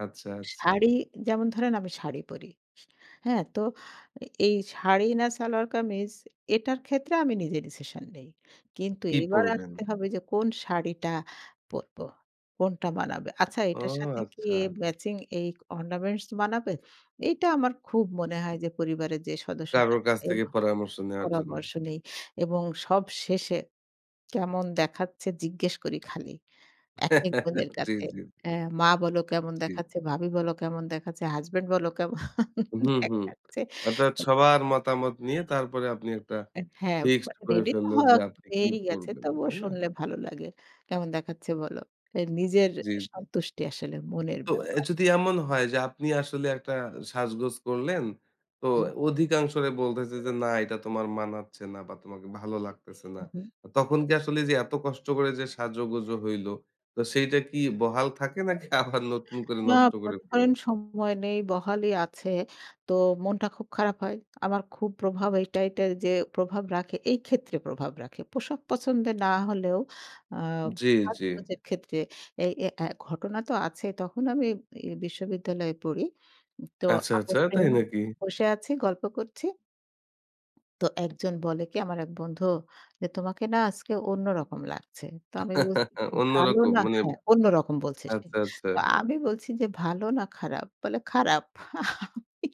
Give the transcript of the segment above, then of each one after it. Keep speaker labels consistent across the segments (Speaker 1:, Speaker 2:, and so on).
Speaker 1: আচ্ছা, আচ্ছা।
Speaker 2: শাড়ি যেমন ধরেন আমি শাড়ি পড়ি। হ্যাঁ? তো এই শাড়ি না সালোয়ার কামিজ এটার ক্ষেত্রে আমি নিজে ডিসিশন নেই। কিন্তু
Speaker 1: কি
Speaker 2: এবার
Speaker 1: পড়বেন?
Speaker 2: আসতে হবে যে কোন শাড়িটা পরবো, কোনটা মানাবে। আচ্ছা
Speaker 1: ও
Speaker 2: এটার সাথে কি
Speaker 1: আচ্ছা।
Speaker 2: ম্যাচিং এই অর্নামেন্টস মানাবে? এইটা আমার খুব মনে হয় যে পরিবারের যে সদস্যরা
Speaker 1: কারোর কাছ থেকে
Speaker 2: [unintelligible]
Speaker 1: পরামর্শ নেয়ার জন্য।
Speaker 2: পরামর্শ নেই এবং সব শেষে কেমন দেখাচ্ছে? জিজ্ঞেস করি খালি। একেক বোনের
Speaker 1: জি,
Speaker 2: কাছে।
Speaker 1: জি।
Speaker 2: মা বলো কেমন
Speaker 1: জি।
Speaker 2: দেখাচ্ছে, ভাবি বললো কেমন দেখাচ্ছে, হাসব্যান্ড বল কেমন
Speaker 1: হুম, হুম।
Speaker 2: দেখাচ্ছে।
Speaker 1: অর্থাৎ সবার মতামত নিয়ে তারপরে আপনি একটা
Speaker 2: হ্যাঁ,
Speaker 1: ফিক্সড করে
Speaker 2: রেডি তো
Speaker 1: ফেললেন যে
Speaker 2: হওয়া
Speaker 1: আপনি কি
Speaker 2: হয়েইগেছে।
Speaker 1: পড়বেন,
Speaker 2: তবুও
Speaker 1: তাই না?
Speaker 2: শুনলে ভালো লাগে। কেমন দেখাচ্ছে বলো। নিজের
Speaker 1: জি।
Speaker 2: সন্তুষ্টি আসলে মনের
Speaker 1: তো এ
Speaker 2: ব্যাপার।
Speaker 1: যদি এমন হয় যে আপনি আসলে একটা সাজগোজ করলেন, তো
Speaker 2: হুম।
Speaker 1: অধিকাংশরা বলতেছে যে "না এটা তোমার মানাচ্ছে না বা তোমাকে ভালো লাগতেছে না।"
Speaker 2: হুম, হুম।
Speaker 1: তখন কি আসলে যে এত কষ্ট করে যে সাজোগোজো হইল তো সেইটা কি বহাল থাকে নাকি আবার নতুন করে
Speaker 2: না
Speaker 1: নষ্ট করে
Speaker 2: মনে করেন
Speaker 1: ফেলেন?
Speaker 2: সময় নেই, বহালি আছে। তো মনটা খুব খারাপ হয়। আমার খুব প্রভাব এইট এইটাই যে প্রভাব রাখে এই ক্ষেত্রে প্রভাব রাখে। পোশাক পছন্দের না হলেও আ
Speaker 1: জি, জি।
Speaker 2: সাজগোজের ক্ষেত্রে এই এই এ ঘটনা তো আছে তখন আমি এ বিশ্ববিদ্যালয়ে পড়ি। তো
Speaker 1: আচ্ছা,
Speaker 2: আমরা
Speaker 1: আচ্ছা তাই
Speaker 2: ফ্রেন্ড
Speaker 1: নাকি?
Speaker 2: বসে আছি, গল্প করছি। তো একজন বলে কি আমার এক বন্ধু যে "তোমাকে না আজকে অন্যরকম লাগছে।" তো আমি বলছি "ভালো
Speaker 1: অন্যরকম
Speaker 2: না"
Speaker 1: মানে
Speaker 2: হ্যাঁ অন্যরকম বলছে।
Speaker 1: আচ্ছা, আচ্ছা।
Speaker 2: তো আমি বলছি যে "ভালো না খারাপ?" বলে "খারাপ।" আমি,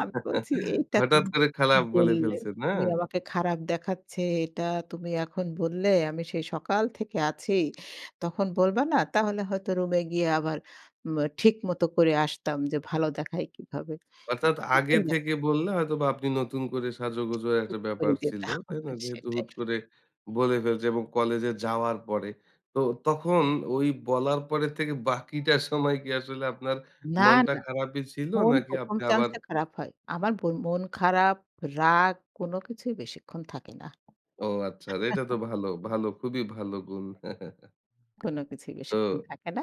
Speaker 2: আমি বলছি "এটা
Speaker 1: হঠাৎ
Speaker 2: তুমি
Speaker 1: করে খারাপ বলে
Speaker 2: বললে,
Speaker 1: ফেলছে, না?
Speaker 2: তুমি আমাকে খারাপ দেখাচ্ছে। এটা তুমি এখন বললে? আমি সেই সকাল থেকে আছি। তখন বলবা না তাহলে হয়তো রুমে গিয়ে আবার ম্যা ঠিক মতো করে আসতাম যে ভালো দেখায় কিভাবে?"
Speaker 1: অর্থাৎ আগে থেকে
Speaker 2: এইরকম।
Speaker 1: বললে, হয়তোবা আপনি নতুন করে সাজো গোজো একটা
Speaker 2: ক্ষতি করে
Speaker 1: ব্যাপার ছিল।
Speaker 2: যেতাম
Speaker 1: তাই না? যেহেতু
Speaker 2: সেটাই।
Speaker 1: হুট করে বলে ফেলছে এবং কলেজে যাওয়ার পরে। তো তখন ওই বলার পর থেকে বাকিটা সময় কি আসলে আপনার
Speaker 2: না,
Speaker 1: মনটা
Speaker 2: না।
Speaker 1: খারাপই ছিল?
Speaker 2: মন
Speaker 1: নাকি
Speaker 2: প্রথম
Speaker 1: আপনি আবার
Speaker 2: চান্সে খারাপ হয়। আমার মন খারাপ, রাগ কোন কিছুই বেশিক্ষণ থাকে না।
Speaker 1: ও আচ্ছা, এটা তো ভালো, ভালো, খুবই ভালো গুণ।
Speaker 2: কোন কিছুই বেশিক্ষণ
Speaker 1: তো
Speaker 2: থাকে না।